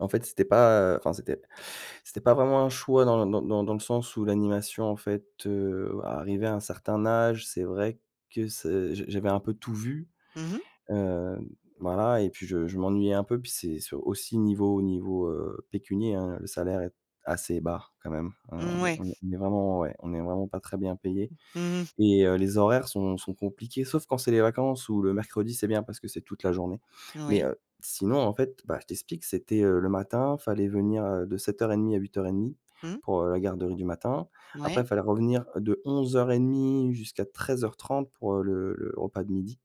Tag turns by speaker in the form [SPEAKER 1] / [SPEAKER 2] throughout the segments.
[SPEAKER 1] En fait, c'était pas enfin, c'était c'était pas vraiment un choix dans dans dans le sens où l'animation, en fait, heu, arrivé à un certain âge, c'est vrai que c j j'avais un peu tout vu,
[SPEAKER 2] Mmh mh.
[SPEAKER 1] hem, voilà et puis je je m'ennuyais un peu puis c'est s aussi niveau niveau, heu, pécunier, hein, le salaire est assez bas quand même, hein, on est
[SPEAKER 2] Mouais.
[SPEAKER 1] on est vraiment ouais, on n'est vraiment pas très bien payé
[SPEAKER 2] Mmh mh.
[SPEAKER 1] et heu, les horaires sont sont compliquées sauf quand c'est les vacances ou le mercredi, c'est bien parce que c'est toute la journée mais
[SPEAKER 2] Oui.
[SPEAKER 1] heu, sinon, en fait, bah, je t'explique. C'était, heu, le matin, il fallait venir, heu, de 07:30 à 08:30
[SPEAKER 2] Mmh.
[SPEAKER 1] pour, heu, la garderie du matin, après, il
[SPEAKER 2] Ouais.
[SPEAKER 1] fallait revenir de 11:30 jusqu'à 13:30 pour le le repas de 12:00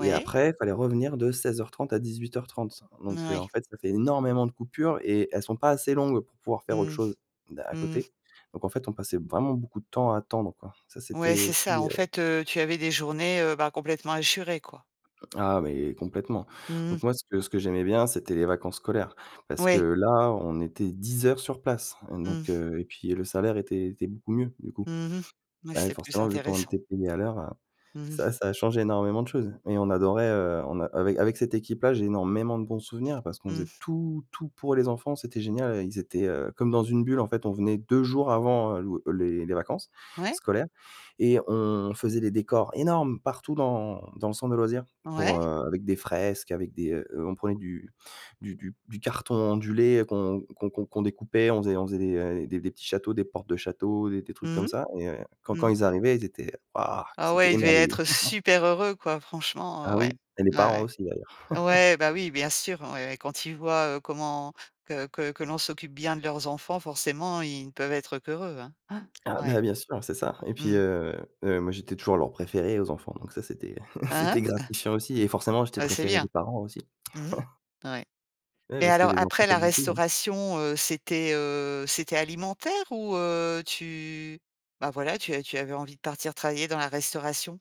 [SPEAKER 1] et après il fallait revenir de 16:30 à 18:30
[SPEAKER 2] N
[SPEAKER 1] donc heu,
[SPEAKER 2] ouais.
[SPEAKER 1] en fait, ça fait énormément de coupures et elles sont pas assez longues pour pouvoir faire autre
[SPEAKER 2] Mmh.
[SPEAKER 1] chose à à
[SPEAKER 2] Mmh mh.
[SPEAKER 1] côté donc, en fait, on passait vraiment beaucoup de temps à attendre, quoi, ça
[SPEAKER 2] Ouais,
[SPEAKER 1] c'était
[SPEAKER 2] c'est
[SPEAKER 1] aussi,
[SPEAKER 2] ça, en
[SPEAKER 1] heu
[SPEAKER 2] fait, heu, tu avais des journées, heu, bah, complètement hachurées, quoi?
[SPEAKER 1] Ah, mais complètement
[SPEAKER 2] Mmh mh.
[SPEAKER 1] donc, moi, ce que ce que j'aimais bien, c'était les vacances scolaires parce que
[SPEAKER 2] Ouais.
[SPEAKER 1] là, on était 10 heures sur place donc,
[SPEAKER 2] Mmh.
[SPEAKER 1] heu et puis le salaire était était beaucoup mieux du coup,
[SPEAKER 2] Mmh mh. Ouais,
[SPEAKER 1] bah, oui,
[SPEAKER 2] c'est plus
[SPEAKER 1] forcément, vu qu'on
[SPEAKER 2] intéressant.
[SPEAKER 1] était payé à l'heure, heu,
[SPEAKER 2] Mmh mh.
[SPEAKER 1] ça ça change énormément de choses et on adorait, on a avec avec cette équipe-là, j'ai énormément de bons souvenirs parce qu'on faisait
[SPEAKER 2] Mmh.
[SPEAKER 1] tout, tout pour les enfants, c'était génial, ils étaient, heu, comme dans une bulle, en fait, on venait 2 jours avant l'ou les les vacances
[SPEAKER 2] Ouais.
[SPEAKER 1] scolaires et on faisait des décors énormes partout dans dans le centre de loisirs pour,
[SPEAKER 2] Ouais.
[SPEAKER 1] heu, avec des fresques, avec des on prenait du du du carton ondulé qu'on qu'on qu'on découpait, on faisait on faisait des des petits châteaux, des portes de châteaux, des des trucs
[SPEAKER 2] Mmh
[SPEAKER 1] comme
[SPEAKER 2] mh.
[SPEAKER 1] ça et quand quand
[SPEAKER 2] Mmh.
[SPEAKER 1] ils arrivaient, ils étaient «Waouh!»,
[SPEAKER 2] Ah
[SPEAKER 1] ils étaient
[SPEAKER 2] ouais, ils devaient
[SPEAKER 1] émerveillés.
[SPEAKER 2] être super heureux, quoi, franchement, heu,
[SPEAKER 1] Ah
[SPEAKER 2] ouais,
[SPEAKER 1] oui et les
[SPEAKER 2] ouais,
[SPEAKER 1] parents
[SPEAKER 2] ouais,
[SPEAKER 1] aussi, d'ailleurs.
[SPEAKER 2] ouais, bah, oui, bien sûr, ouais, quand ils voient, heu, comment que que que l'on s'occupe bien de leurs enfants, forcément, ils ne peuvent être qu'heureux, hein hein,
[SPEAKER 1] Ah
[SPEAKER 2] ouais.
[SPEAKER 1] bah, bien sûr, c'est ça et puis,
[SPEAKER 2] Mmh mh.
[SPEAKER 1] heu heu, moi, j'étais toujours leur préféré aux enfants donc ça, c'était
[SPEAKER 2] Hein
[SPEAKER 1] c'était
[SPEAKER 2] hein.
[SPEAKER 1] gratifiant aussi et forcément, j'étais
[SPEAKER 2] Ah,
[SPEAKER 1] le
[SPEAKER 2] bah, c'est
[SPEAKER 1] préféré des
[SPEAKER 2] bien!
[SPEAKER 1] parents aussi.
[SPEAKER 2] Mmh mh. Ouais.
[SPEAKER 1] Ouais,
[SPEAKER 2] Mais
[SPEAKER 1] parce que
[SPEAKER 2] alors
[SPEAKER 1] les enfants
[SPEAKER 2] après la
[SPEAKER 1] s'amusaient, ouais.
[SPEAKER 2] restauration, heu, c'était, heu, c'était alimentaire ou, heu, tu bah, voilà, tu tu avais envie de partir travailler dans la restauration?